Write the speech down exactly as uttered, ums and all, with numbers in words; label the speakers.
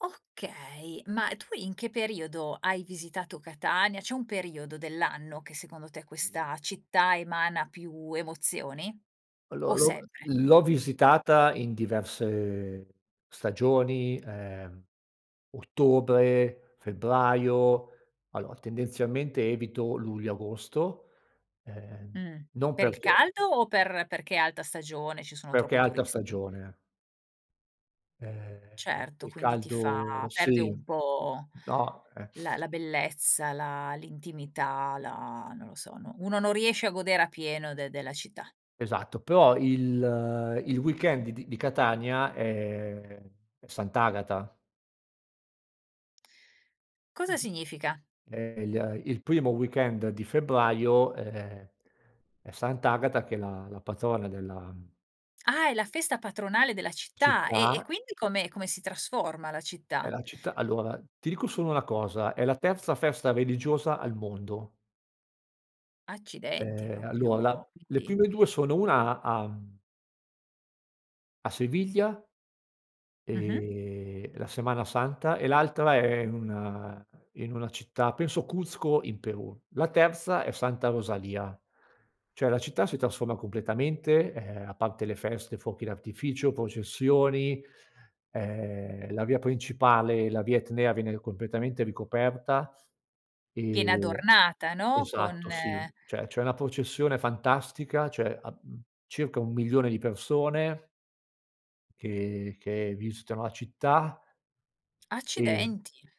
Speaker 1: Okay, ma tu in che periodo hai visitato Catania. C'è un periodo dell'anno che secondo te
Speaker 2: Mh.
Speaker 1: questa città emana più emozioni? O
Speaker 2: Allora, l'ho
Speaker 1: sempre?
Speaker 2: l'ho visitata in diverse stagioni, ehm, ottobre, febbraio, allora tendenzialmente evito luglio, agosto, ehm,
Speaker 1: Mhmm,
Speaker 2: non
Speaker 1: per il
Speaker 2: perché
Speaker 1: caldo o per perché è alta stagione, ci sono
Speaker 2: Perché è
Speaker 1: troppi
Speaker 2: alta
Speaker 1: turisti?
Speaker 2: stagione. Ehm, il
Speaker 1: Certo,
Speaker 2: il
Speaker 1: quindi ti fa
Speaker 2: caldo
Speaker 1: perde
Speaker 2: sì,
Speaker 1: un po'
Speaker 2: no, ehm.
Speaker 1: la la bellezza, la l'intimità, la non lo so, uno non riesce a godere a pieno de della città.
Speaker 2: Esatto. Però il il weekend di di di Catania, ehm, è Sant'Agata.
Speaker 1: Cosa
Speaker 2: [unintelligible]
Speaker 1: significa?
Speaker 2: Ehm, il il primo weekend di febbraio è è Sant'Agata, che è la la patrona della
Speaker 1: Ah, è la festa patronale della città, e e
Speaker 2: città.
Speaker 1: quindi come come si trasforma la
Speaker 2: È
Speaker 1: città?
Speaker 2: la città allora, ti dico solo una cosa, è la terza festa religiosa al mondo.
Speaker 1: Accidenti
Speaker 2: Ehm, allora
Speaker 1: propio
Speaker 2: la le
Speaker 1: quindi
Speaker 2: prime due sono una a mhmm a Sevilla,
Speaker 1: Mh-mh.
Speaker 2: ehm, la Semana Santa, e l'altra è in una in una città penso Cuzco in Perù. La terza è Santa Rosalia. Cioè la città si trasforma completamente, ehm, a parte le feste, fuochi d'artificio, processioni, ehm, la via principale, la via Etnea, viene ri completamente ricoperta.
Speaker 1: Viene
Speaker 2: Ehm
Speaker 1: adornata, no? Con
Speaker 2: esatto sì, cioè c'è una processione fantastica, cioè am circa un milione di persone che che visitano la città. Ehm
Speaker 1: Accidenti.